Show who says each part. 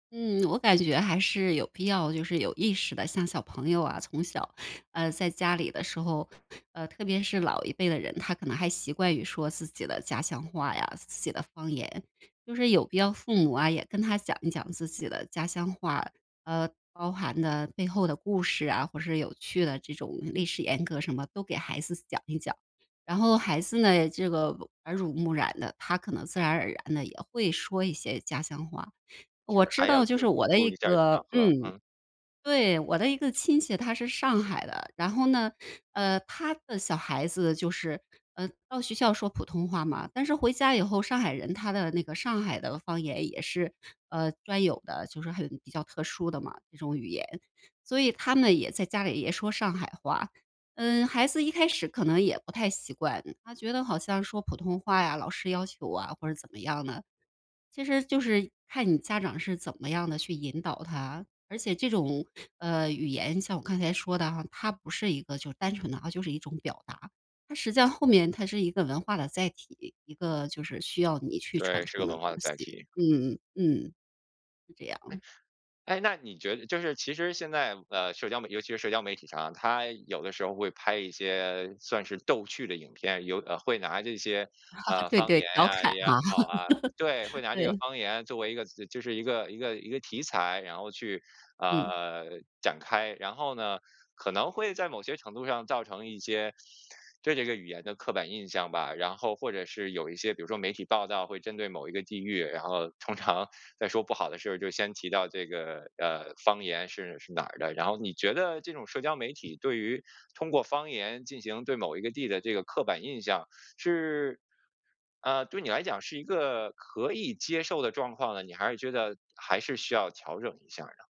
Speaker 1: 嗯，我感觉还是有必要就是有意识的像小朋友啊，从小，呃，在家里的时候，呃，特别是老一辈的人，他可能还习惯于说自己的家乡话呀、自己的方言。就是有必要父母啊，也跟他讲一讲自己的家乡话。呃，包含的背后的故事啊，或是有趣的这种历史沿革什么，都给孩子讲一讲。然后孩子呢，这个耳濡目染的，他可能自然而然地也会说一些家乡话。我
Speaker 2: 是，
Speaker 1: 知
Speaker 2: 还要
Speaker 1: 道就
Speaker 2: 就是
Speaker 1: 是
Speaker 2: 多
Speaker 1: 我的
Speaker 2: 注
Speaker 1: 一
Speaker 2: 意一下场
Speaker 1: 个
Speaker 2: 合。
Speaker 1: 嗯，
Speaker 2: 嗯。
Speaker 1: 对，我的一个亲戚，他是上海的。然后呢，呃，他的小孩子就是，呃，到学校说普通话嘛，但是回家以后，上海人他的那个上海的方言也是，呃，专有的，就是很比较特殊的嘛，这种语言。所以他们也在家里也说上海话，嗯，孩子一开始可能也不太习惯，他觉得好像说普通话呀，老师要求啊，或者怎么样的，其实就是看你家长是怎么样地去引导他。而且这种，呃，语言像我刚才说的啊，它不是一个就是单纯的啊，就是一种表达，它实际上后面它是一个文化的载体，一个就是需要你去传
Speaker 2: 对，是
Speaker 1: 承
Speaker 2: 个
Speaker 1: 的
Speaker 2: 文化
Speaker 1: 东
Speaker 2: 的载
Speaker 1: 西，
Speaker 2: 体。
Speaker 1: 嗯嗯嗯。是这
Speaker 2: 哎，
Speaker 1: 样。
Speaker 2: 哎，那你觉得就是其实现在的社交媒体尤其是社交媒体上，它有的时候会拍一些算是逗趣的影片，有呃，会拿这些，呃，
Speaker 1: 对
Speaker 2: 方
Speaker 1: 对，
Speaker 2: 言
Speaker 1: 调
Speaker 2: 呀
Speaker 1: 侃
Speaker 2: 也好
Speaker 1: 哈。
Speaker 2: 啊对，会 拿这个
Speaker 1: 对。
Speaker 2: 方言作为一个就是一个一个一个题材，然后去，
Speaker 1: 嗯。
Speaker 2: 呃，展开。然后呢，可能会在某些程度上造成一些对这个语言的刻板印象吧。然后或者是有一些比如说媒体报道会针对某一个地域，然后通常在说不好的事儿，就先提到这个，呃，方言是是哪儿的。然后你觉得这种社交媒体对于通过方言进行对某一个地的这个刻板印象，是，呃，对你来讲是一个可以接受的状况呢，你还是觉得，还是需要调整一下儿呢？